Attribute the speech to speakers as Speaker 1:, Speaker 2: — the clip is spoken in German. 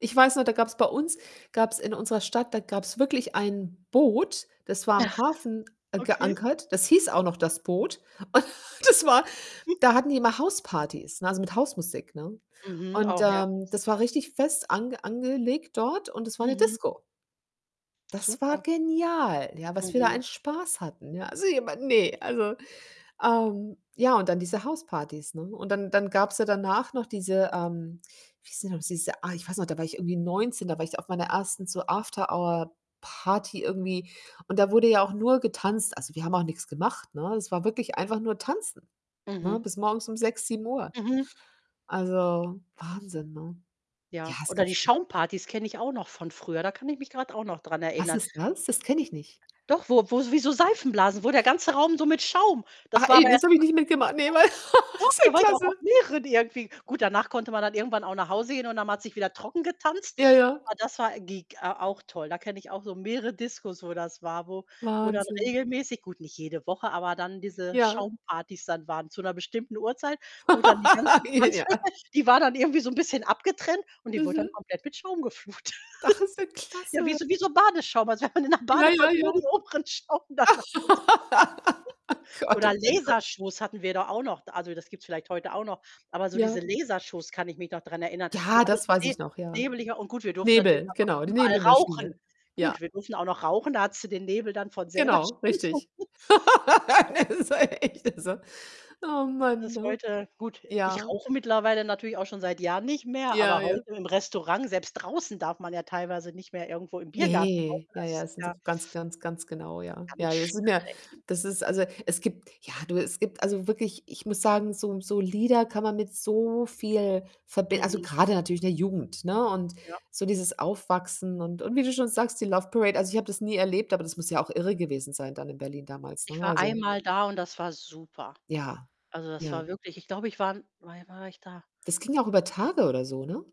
Speaker 1: Ich weiß noch, da gab's bei uns gab's in unserer Stadt da gab's wirklich ein Boot, das war im
Speaker 2: Ach,
Speaker 1: Hafen
Speaker 2: okay.
Speaker 1: geankert. Das hieß auch noch „Das Boot.“ Und das war da hatten die immer House-Partys, ne, also, mit House-Musik, ne?
Speaker 2: Mhm,
Speaker 1: Und,
Speaker 2: auch
Speaker 1: ähm,
Speaker 2: heraus,
Speaker 1: das war
Speaker 2: klar.
Speaker 1: richtig fest ange angelegt dort, und das war 'ne
Speaker 2: Mhm.
Speaker 1: Disko. Das war
Speaker 2: Super.
Speaker 1: genial, ja, was wir da
Speaker 2: Mhm.
Speaker 1: einen Spaß hatten, ja. Also, jemand ne, also. Ähm, ja und dann diese House-Partys, ne? Und dann dann gab's ja danach noch diese, ähm, wie hießen die noch, diese Ah, ich weiß noch, da war ich irgendwie 19, da war ich auf meiner 1. so After Hour-Party irgendwie, und da wurde ja auch nur getanzt. Also, wir haben auch nix gemacht, ne? Das war wirklich einfach nur tanzen, ne,
Speaker 2: Mhm.
Speaker 1: bis morgens um 6:00, 7:00.
Speaker 2: Mhm.
Speaker 1: Also, Wahnsinn, ne? Ja,
Speaker 2: Ja,
Speaker 1: es
Speaker 2: oder
Speaker 1: gab
Speaker 2: die
Speaker 1: schon
Speaker 2: Schaumpartys kenne ich auch noch von früher, da kann ich mich grad auch noch dran
Speaker 1: Was
Speaker 2: erinnern.
Speaker 1: ist das? Das kenne ich nicht.
Speaker 2: Doch, wo wo s wie so Seifenblasen, wo der ganze Raum so mit Schaum
Speaker 1: Ach
Speaker 2: Das war
Speaker 1: e
Speaker 2: aber
Speaker 1: ne, das
Speaker 2: erst
Speaker 1: habe ich nicht mitgemacht. Ne, weil
Speaker 2: [unintelligible] Doch,
Speaker 1: ist ja
Speaker 2: da war ich auch
Speaker 1: klasse.
Speaker 2: auf mehreren irgendwie. Gut, danach konnte man dann irgendwann auch nach Hause gehen und oder man hat sich wieder trocken getanzt.
Speaker 1: Ja, ja.
Speaker 2: Aber das war gig a auch toll. Da kenne ich auch so mehrere Discos, wo das war, wo wo dann
Speaker 1: Wahnsinn.
Speaker 2: regelmäßig gut, nicht jede Woche, aber dann diese
Speaker 1: Ja.
Speaker 2: Schaumpartys dann waren, zu 'ner bestimmten Uhrzeit, wo dann die ganze
Speaker 1: J ja.
Speaker 2: Tanzfläche die war dann irgendwie so 'n bisschen abgetrennt, und die wurde dann
Speaker 1: Mhm.
Speaker 2: komplett mit Schaum geflutet.
Speaker 1: Ach, ist ja
Speaker 2: Ja, wie
Speaker 1: klasse.
Speaker 2: so wie so Badeschaum, als wenn man in der
Speaker 1: Ja, ja,
Speaker 2: Badewanne
Speaker 1: ja.
Speaker 2: nur den oberen Schaum dann [unintelligible]
Speaker 1: Gott, oh Gott,
Speaker 2: Oder
Speaker 1: oh Gott.
Speaker 2: Lasershows hatten wir da auch noch. Also, das gibt's vielleicht heute auch noch, aber so
Speaker 1: Ja.
Speaker 2: diese Lasershows kann ich mich noch dran erinnern, wo
Speaker 1: Ja,
Speaker 2: alles
Speaker 1: das weiß
Speaker 2: ne
Speaker 1: ich noch, ja.
Speaker 2: nebeliger und gut, wir durften natürlich
Speaker 1: Nebel,
Speaker 2: auch
Speaker 1: genau, die
Speaker 2: überall rauchen.
Speaker 1: Nebelmaschine. Ja.
Speaker 2: Gut, wir durften auch noch rauchen, da hattest du den Nebel dann von selber
Speaker 1: Genau,
Speaker 2: schon
Speaker 1: richtig.
Speaker 2: [unintelligible]
Speaker 1: Das ist ja echt, also Oh Mann,
Speaker 2: Ist
Speaker 1: du.
Speaker 2: heute Gut, ich
Speaker 1: Ja.
Speaker 2: rauche mittlerweile natürlich auch schon seit Jahren nicht mehr,
Speaker 1: Ja,
Speaker 2: aber
Speaker 1: ja.
Speaker 2: heute im Restaurant, selbst draußen darf man ja teilweise nicht mehr irgendwo im Biergarten rauchen.
Speaker 1: Ne, ja,
Speaker 2: Also, es
Speaker 1: ja, da
Speaker 2: ist
Speaker 1: sind sie
Speaker 2: ja
Speaker 1: ganz ganz ganz genau, ja.
Speaker 2: ganz
Speaker 1: Ja, es sind ja
Speaker 2: streng.
Speaker 1: das ist also, es gibt, ja du, es gibt also wirklich ich muss sagen, so so Lieder kann man mit so viel verbin also,
Speaker 2: Mhm.
Speaker 1: grade natürlich in der Jugend, ne? Und
Speaker 2: Ja.
Speaker 1: so dieses Aufwachsen und und wie du schon sagst, die Love Parade. Also, ich habe das nie erlebt, aber das muss ja auch irre gewesen sein dann in Berlin damals,
Speaker 2: Ich
Speaker 1: ne?
Speaker 2: war
Speaker 1: Also
Speaker 2: einmal da und das war super.
Speaker 1: Ja,
Speaker 2: Also, das
Speaker 1: ja.
Speaker 2: war wirklich ich glaube, ich war Wann war ich da?
Speaker 1: Das ging ja auch über Tage oder so, ne?